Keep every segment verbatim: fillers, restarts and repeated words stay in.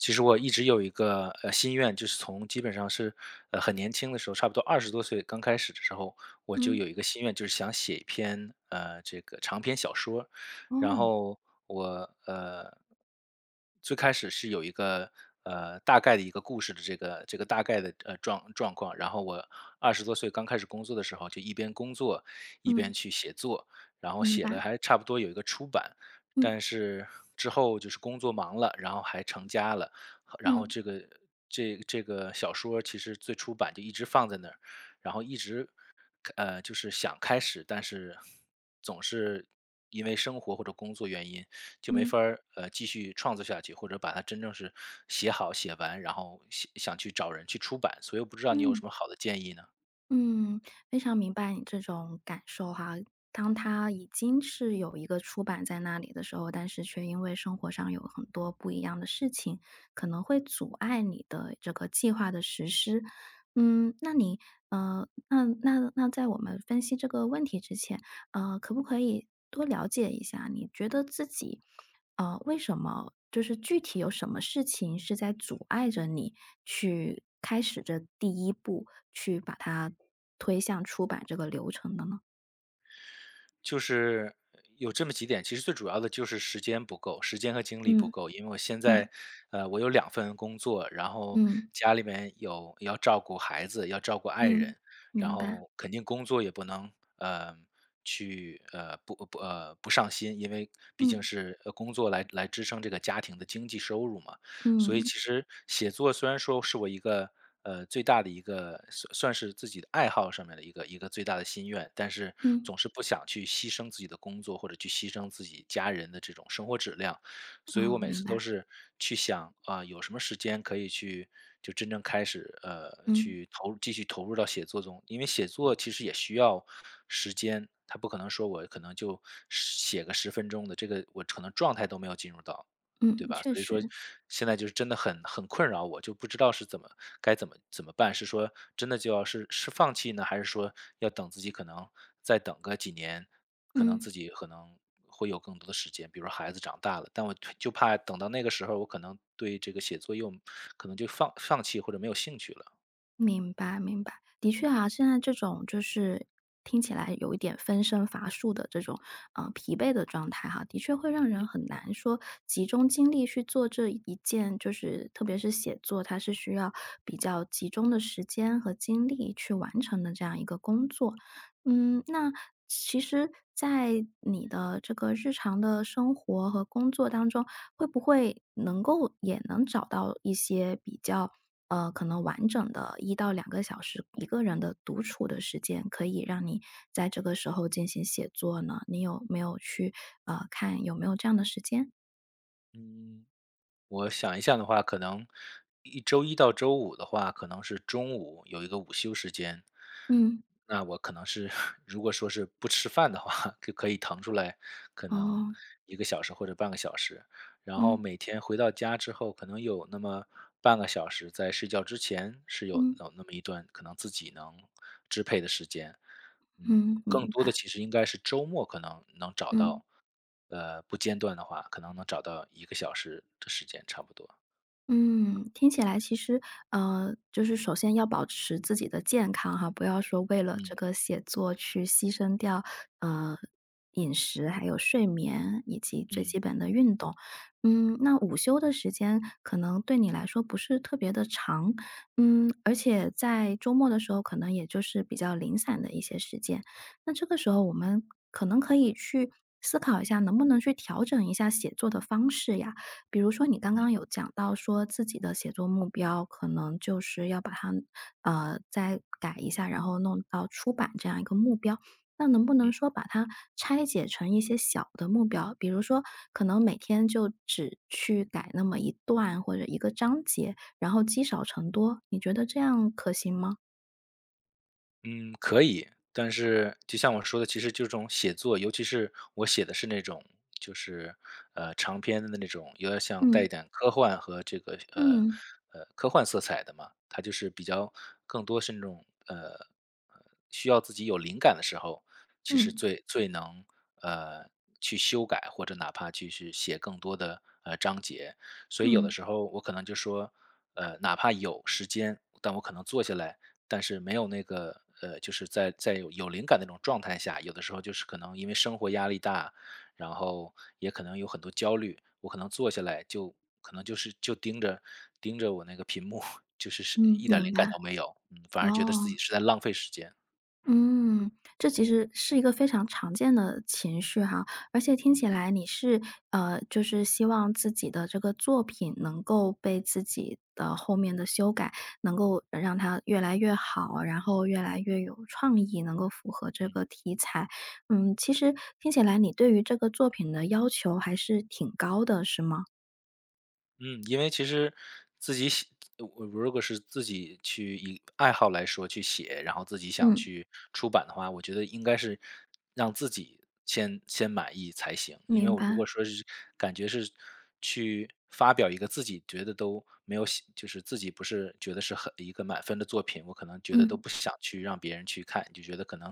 其实我一直有一个，呃，心愿，就是从基本上是，呃，很年轻的时候，差不多二十多岁刚开始的时候，我就嗯。有一个心愿，就是想写一篇，呃，这个长篇小说。然哦。后我，呃最开始是有一个，呃，大概的一个故事的这个这个大概的状状况。然后我二十多岁刚开始工作的时候，就一边工作一边嗯。去写作，然后明写了白。还差不多有一个初版。嗯。但是之后就是工作忙了，然后还成家了，后然后嗯。这个这这个小说其实最初版就一直放在那儿，然后一直，开呃，就是想开始，但是，总是因为生活或者工作原因就没法嗯。儿，呃，继续创作下去，或者把它真正是写好，写完，然后想想去找人去出版。所以我不知道你有什嗯。么好的建议呢？嗯，非常明白你这种感受哈，当它嗯。已经是有一个初版在那里的时候，但是却因为生活上有很多不一样的事情，可能会阻碍你的这个计划的实施。嗯，那你呃，那那那在我们分析这个问题之前，呃，可不可以多了解一下，你觉得自己，呃，为什么就是具体有什么事情是在阻碍着你去开始这第一步，去把它推向出版这个流程的呢？就是，有这么几点，其实最主要的就是时间不够时间和精力不嗯，够。因为我现嗯。在，呃，我有两份工作，然后嗯。家里面有要照顾孩子、要照顾爱嗯，人，然明白。后肯定工作也不能，呃，去呃，不工不，呃，不上心，因为毕竟嗯。是，呃，工作来来支撑这个家庭的经济收入嘛。所以嗯。其实写作虽然说是我一个，呃，最大的一个算算是是自己的爱好上面儿的一个一个最大的心愿，但是嗯。总是不想去牺牲自己的工作，或者去牺牲自己家人的这种生活质量。所以我啊，每明次都白。是去想，啊，有什么时间可以去就真正开始，呃，嗯。去投入继续投入到写作中。因为写作其实也需要时间，它不可能说我可能十就写个十分钟的，这个我可能状态都没有进入到，对嗯，吧？确所以说，实。现在就是真的很很困扰我，就不知道是怎么该怎么怎么办？是说真的就要是是放弃呢？还是说要等自己可能再等个几年？可能嗯。自己可能会有更多的时间，比如说孩子长大了？但我就怕等到那个时候我可能对这个写作又可能就放放弃或者没有兴趣了。明白明白。的确啊，现在这种就是，听起来有一点分身乏术的这种，呃，疲惫的状态哈，的确会让嗯。人很难说集中精力去做这一件就是特别是写作，它是需要比较集中的时间和精力去完成的这样一个工作。嗯，那，其实在你的这个日常的生活和工作当中，会不会能够也能找到一些比较，呃，可能完整的一到两个小时，一个人独处的时间，可以让你在这个时候进行写作呢？你有没有去，呃，看有没有这样的时间？嗯，我想一下的话，可能一周一到周五的话，可能是中午有一个午休时间。嗯。那我可能是，如果说是不吃饭的话，就可以腾出来可能哦。一个小时或者半个小时。然后嗯。每天回到家之后，可能有那么半个小时在睡觉之前是有，嗯。啊，那么一段可能自己能支配的时间。嗯，嗯，明更多的白。其实应该是周末，可能能找嗯。到呃，不间断的话，可能能找到一个小时的时间，差不多。嗯，听起来其实呃，就是首先要保持自己的健康哈，不要说为了嗯。这个写作去牺牲掉，呃，饮食还有睡眠以及最嗯。基本的运动。嗯，那午休的时间可能对你来说不是特别地长，嗯，而且在周末的时候可能也就是比较零散的一些时间，那这个时候我们可能可以去思考一下能不能去调整一下写作的方式呀？比如说你刚嗯。刚有讲到说自己的写作目标，可能就是要把它，呃，再改一下，然后弄到出版这样一个目标。那能不嗯。能说把它拆解成一些小的目标？比如说可能每天就只去改那么一段，或者一个章节，然后积少成多，你觉得这样可行吗？嗯，可以，但是就像我说的，其实就这种写作，尤其是我写的是那种就是，呃，长篇的那种，有点像带一嗯。点科幻和这个这个，嗯。呃，科幻色彩的嘛，它就是比较更多是那种，呃，需要自己有灵感的时候，其实嗯。最最能，呃，去修改，或者哪怕去去写更多的，呃，章节。所以有的嗯。时候我可能就说，呃，哪怕有时间，但我可能坐下来，但是没有那个呃，就是在在有灵感的那种状态下，有的时候就是可能因为生活压力大，然后也可能有很多焦虑，我可能坐下来就可能就是就盯着盯着我那个屏幕，就是嗯，一点明灵感白。都没有，反而觉得自己哦。是在浪费时间。嗯，这其实是一个非常常见的情绪哈，而且听嗯。起来你是呃，就是希望自己的这个作品能够被自己的后面的修改，能够让它越来越好，然后越来越有创意，能够符合这嗯。个题材。嗯，其实听起来你对于这个作品的要求还是挺高的，是吗？嗯，因为其实自己写呃，我如果是自己去以爱好来说去写，然后自己想嗯。去出版的话，我觉得应该是让自己先先满意才行。因为明我如果白。说是感觉是去发表一个自己觉得都没有喜就是自己不是觉得是很一个满分的作品，我可能觉得都嗯。不想去让别人去看。就觉得可能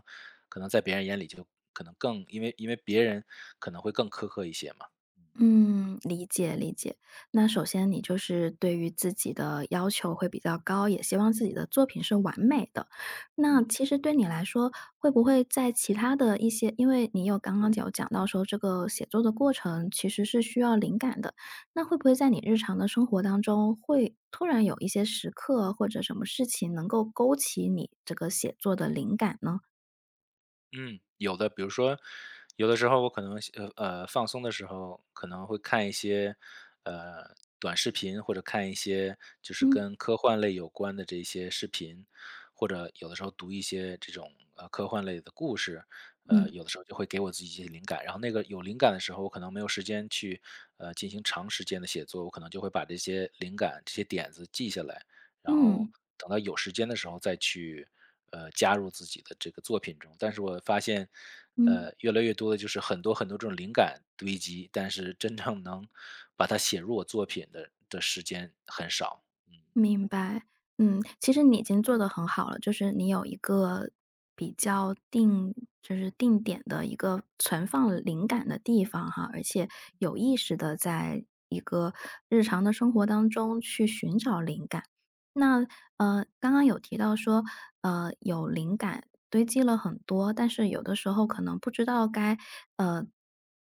可能在别人眼里就可能更因为因为别人可能会更苛刻一些嘛，嗯。嗯，理解理解。那首先你就是对于自己的要求会比较高，也希望自己的作品是完美的。那嗯。其实对你来说，会不会在其他的一些因为你有刚刚有讲到说这个写作的过程其实是需要灵感的，那会不会在你日常的生活当中，会突然有一些时刻或者什么事情，能够勾起你这个写作的灵感呢？嗯，有的。比如说有的时候我可能休呃，呃，放松的时候可能会看一些，呃，短视频，或者看一些就是嗯。跟科幻类有关的这一些视频。或者有的时候读一些这种，呃，科幻类的故事，呃，嗯。有的时候就会给我自己一些灵感。然后那个有灵感的时候，我可能没有时间去，呃，进行长时间的写作，我可能就会把这些灵感、这些点子记下来，然后嗯。等到有时间的时候再去，呃，加入自己的这个作品中。但是我发现，嗯。呃，越来越多的就是很多很多这种灵感堆积，但是真正能把它写入我作品的的时间很少。明白，嗯。其实你已经做得很好了，就是你有一个比较定就是定点的一个存放灵感的地方哈，而且有意识地在一个日常的生活当中去寻找灵感。那，呃，刚刚有提到说呃，有灵感堆积了很多，但是有的时候可能不知道该，呃，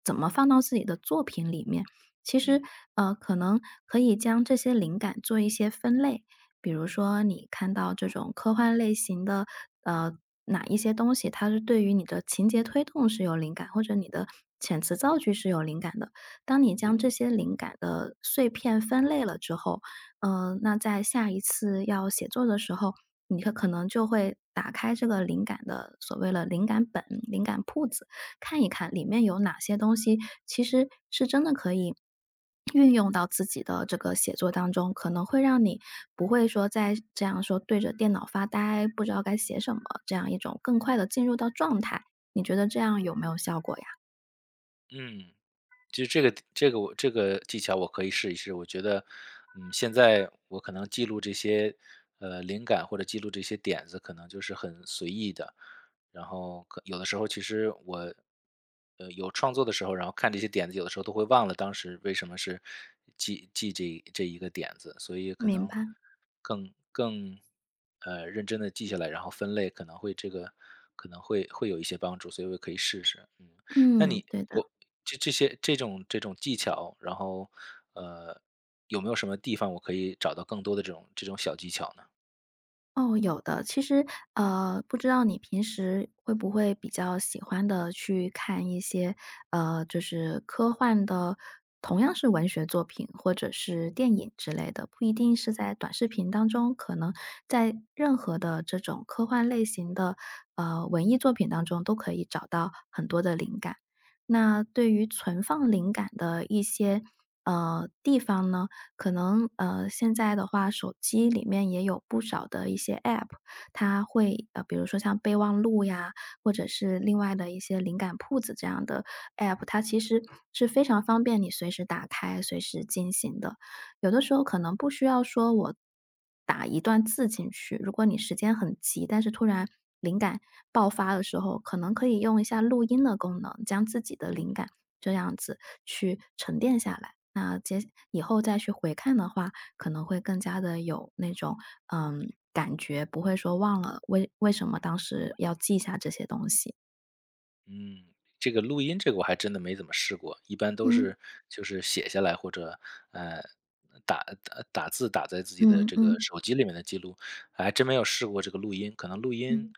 怎么放到自己的作品里面。其实，嗯。呃，可能可以将这些灵感做一些分类，比如说你看到这种科幻类型的，呃，哪一些东西它是对于你的情节推动是有灵感，或者你的遣词造句是有灵感的。当你将嗯。这些灵感的碎片分类了之后，呃，那在下一次要写作的时候，你会可能就会打开这个灵感的所谓了灵感本灵感铺子，看一看里面有哪些东西其实是真的可以 运用到自己的这个写作当中。可能会让你，不会说再这样说对着电脑发呆，不知道该写什么，这样一种更快地进入到状态，你觉得这样有没有效果呀？嗯，其实这个的这个我这个技巧我可以试一试。我觉得，嗯，现在我可能记录这些，呃，灵感或者记录这些点子可能就是很随意的，然后可有的时候其实我，呃，有创作的时候，然后看这些点子，有的时候都会忘了当时为什么是记记这一这一个点子。所以可明能白。更更，呃，认真地记下来，然后分类，可能会这个可能会会有一些帮助，所以我也可以试试，嗯。那嗯，你对的。有这这些这种这种技巧，然后，呃，有没有什么地方我可以找到更多的这种这种小技巧呢？哦，有的。其实，呃，不知道你平时会不会比较喜欢地去看一些呃，就是科幻的，同样是文学作品或者是电影之类的？不一定是在短视频当中，可能在任何的这种科幻类型的，呃，文艺作品当中都可以找到很多的灵感。那对于存放灵感的一些，呃，地方呢，可能呃，现在的话手机里面也有不少的一些 app，它嗯。会呃，比如说像备忘录呀，或者是另外的一些灵感铺子这样的 app，它其实是非常方便你随时打开、随时进行的。有的时候可能不需要说我打一段字进去，如果你时间很急，但是突然灵感爆发的时候，可能可以用一下录音的功能，将自己的嗯。灵感，这样子去沉淀下来。那接下以后再去回看的话，可能会更加地有那种，呃，感觉，不会说忘了为为什么当时要记下这些东西。嗯，这个录音这个我还真的没怎么试过，一般都嗯。是，就是写下来或者，呃，打呃，打打字打在自己的嗯这个嗯。手机里面的记录。还真没有试过这个录音，可能录音嗯。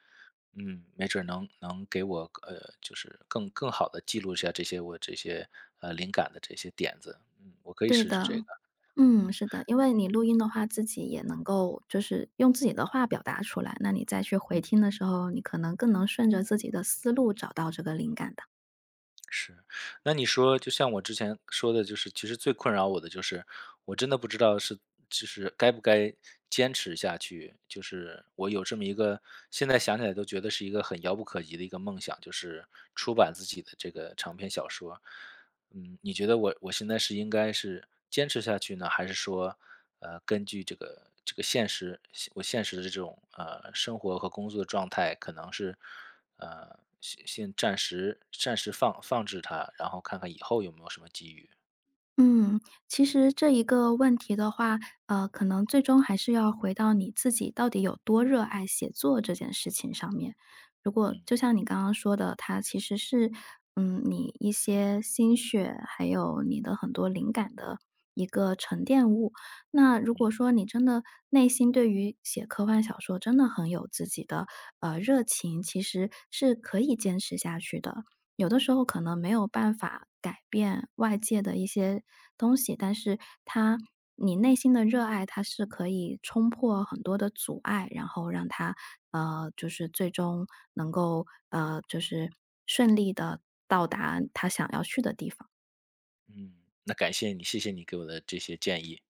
嗯，没准能能给我更呃，就是更更好地记录下这些我这些，呃，灵感的这些点子。嗯，我可以对试试的。这个，嗯，嗯。是的，因为你录音的话自己也能够就是用自己的话表达出来，那你再去回嗯。听的时候，你可能更能顺着自己的思路找到这个灵感的。是，那你说就像我之前，说的就是，其实最困扰我的就是，我真的不知道是，就是该不该，坚持下去？就是我有这么一个，现在想起来都觉得是一个很遥不可及的一个梦想，就是出版自己的这个长篇小说。嗯，你觉得我我现在是应该是坚持下去呢？还是说，呃，根据这个这个现实，现我现实的这种，呃，生活和工作的状态，可能是，呃，先先暂时暂时放放置它，然后看看以后有没有什么机遇？嗯，其实这一个问题的话，呃，可能最终还是要回到你自己到底有多热爱写作这件事情上面。如果嗯。就像你刚刚说的，它其实是，嗯，你一些心血，还有你的很多灵感的，一个沉淀物。那如果嗯。说你真的内心对于写科幻小说真的很有自己的，呃，热情，其实是可以坚持下去的。有的时候可能没有办法改变外界的一些，东西，但是它你内心的热爱，它是可以冲破很多的阻碍，然后让它，呃，就是最终能够，呃，就是顺利地到达它想要去的地方。嗯，那感谢你，谢谢你给我的这些建议。